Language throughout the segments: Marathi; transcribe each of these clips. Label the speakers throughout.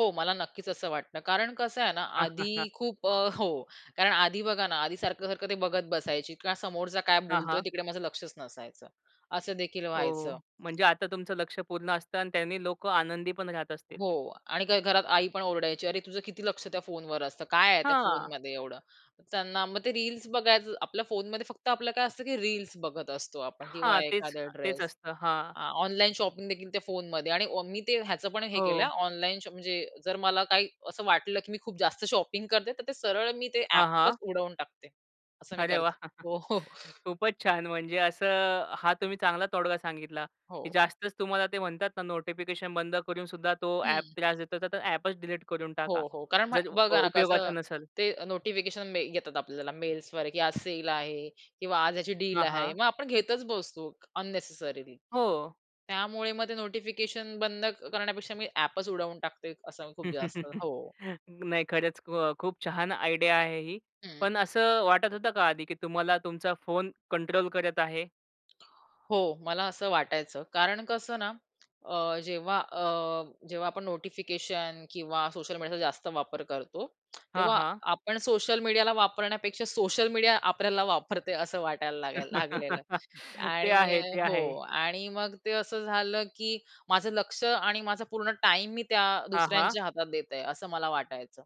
Speaker 1: हो मला नक्कीच असं वाटतं. कारण कसं आहे ना
Speaker 2: हां, हां,
Speaker 1: आधी
Speaker 2: हां.
Speaker 1: खूप अ हो कारण आधी बघा ना आधी सारखं-सारखं ते बघत बसायची किंवा समोरचा काय
Speaker 2: हां,
Speaker 1: बोलतोय
Speaker 2: हां.
Speaker 1: तिकडे माझं लक्षच नसायचं. असं देखील
Speaker 2: हो,
Speaker 1: व्हायचं.
Speaker 2: हो. म्हणजे आता तुमचं लक्ष पूर्ण असतं आणि त्यांनी लोकं आनंदी पण राहत असतील.
Speaker 1: हो, आणि काय घरात आईपण ओरडायची. "अरे तुझं किती लक्ष त्या फोनवर असतं काय आहे त्या
Speaker 2: हां.
Speaker 1: फोनमध्ये एवढं." त्यांना मग ते रील्स बघायचं आपल्या फोनमध्ये फक्त आपलं काय असतं, की रील्स बघत असतो आपण किंवा
Speaker 2: हां. तेच
Speaker 1: एखादा
Speaker 2: तेच
Speaker 1: ड्रेस
Speaker 2: असतं हां.
Speaker 1: अ, ऑनलाईन शॉपिंगदेखील त्या फोनमध्ये आणि मी ते ह्याचं पण हे केलं हा
Speaker 2: हो.
Speaker 1: ऑनलाईन शॉप म्हणजे जर मला काही असं वाटलं, की मी खूप जास्त शॉपिंग करते तर ते सरळ मी ते
Speaker 2: हां, हां.
Speaker 1: ॲपच उडवून टाकते. असं मी
Speaker 2: अरे वाह!
Speaker 1: करते हो.
Speaker 2: खूपच छान म्हणजे असं हा तुम्ही चांगला तोडगा सांगितला, की
Speaker 1: हो.
Speaker 2: जास्तच तुम्हाला ते म्हणतात ना नोटिफिकेशन बंद करून सुद्धा तो ॲप
Speaker 1: हं.
Speaker 2: त्रास देतो तर ॲपच डिलीट करून
Speaker 1: हो,
Speaker 2: टाका.
Speaker 1: हो. कारण मग
Speaker 2: जर अ,
Speaker 1: बघा ना
Speaker 2: उपयोगाचा
Speaker 1: कसं
Speaker 2: नसेल.
Speaker 1: ते नोटिफिकेशन येतात आपल्याला मेल्सवर, की आज सेल आहे किंवा आज ह्याची डील
Speaker 2: हां,
Speaker 1: आहे.
Speaker 2: हां.
Speaker 1: मग आपण घेतच बसतो अननेसेसरीली.
Speaker 2: हो.
Speaker 1: त्यामुळे मग ते नोटिफिकेशन बंद करण्यापेक्षा मी ॲपच उडवून टाकते. असं खूप जास्त हो.
Speaker 2: नाही खरंच अ, खूप छान आयडिया आहे ही.
Speaker 1: हं.
Speaker 2: पण असं वाटत होतं का आधी, की तुम्हाला तुमचा फोन कंट्रोल करत आहे?
Speaker 1: हो मला असं वाटायचं कारण कसं ना अ, जेव्हा अ, जेव्हा आपण नोटिफिकेशन किंवा सोशल मीडियाचा जास्त वापर करतो
Speaker 2: हां,
Speaker 1: तेव्हा
Speaker 2: हां.
Speaker 1: आपण सोशल मीडियाला वापरण्यापेक्षा सोशल मीडिया आपल्याला वापरते असं वाटायला लागाय लागलेलं.
Speaker 2: ते
Speaker 1: आणि
Speaker 2: आहे, ते
Speaker 1: हो
Speaker 2: आहे.
Speaker 1: आणि मग ते असं झालं की माझं लक्ष आणि माझा पूर्ण टाईम मी त्या
Speaker 2: हां, हां.
Speaker 1: दुसऱ्यांच्या हातात देत आहे असं मला वाटायचं.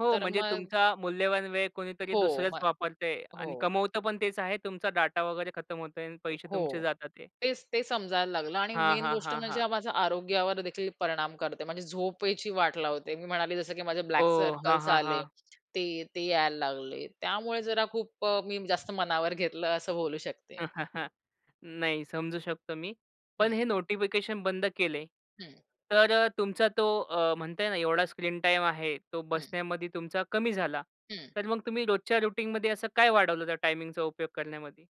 Speaker 2: हो
Speaker 1: तर
Speaker 2: म्हणजे
Speaker 1: मग.
Speaker 2: तुमचा मूल्यवान वेळ कुणीतरी
Speaker 1: हो,
Speaker 2: दुसरंच
Speaker 1: मग
Speaker 2: वापरतंय आणि
Speaker 1: हो.
Speaker 2: कमवत पण तेच आहे तुमचा डाटा वगैरे खतम होतोय आणि पैसे
Speaker 1: हो
Speaker 2: तुमचे जातात आहे.
Speaker 1: तेच, तेच समजायला लागलं आणि
Speaker 2: हां,
Speaker 1: मेन
Speaker 2: हां,
Speaker 1: गोष्ट
Speaker 2: हां, हां.
Speaker 1: म्हणजे माझा आरोग्यावर देखील परिणाम करते. म्हणजे झोपेची वाट लावते. मी म्हणाले जसं की माझे
Speaker 2: हो,
Speaker 1: ब्लॅक
Speaker 2: हां,
Speaker 1: सर्कल्स
Speaker 2: हां,
Speaker 1: आले,
Speaker 2: हां.
Speaker 1: ते ते यायला लागले. त्यामुळे जरा खूप अ, मी जास्त मनावर घेतलं असं बोलू शकते मी.
Speaker 2: नाही समजू शकतो मी.
Speaker 1: हं.
Speaker 2: पण हे नोटिफिकेशन बंद केले
Speaker 1: हं.
Speaker 2: तर अ, तुमचा तो अ, म्हणताय ना एवढा स्क्रीन टाईम आहे तो
Speaker 1: हं.
Speaker 2: बसण्यामध्ये तुमचा कमी झाला.
Speaker 1: हं.
Speaker 2: तर मग तुम्ही रोजच्या रुटीनमध्ये असं काय वाढवलं त्या टाईमिंगचा उपयोग करण्यामध्ये?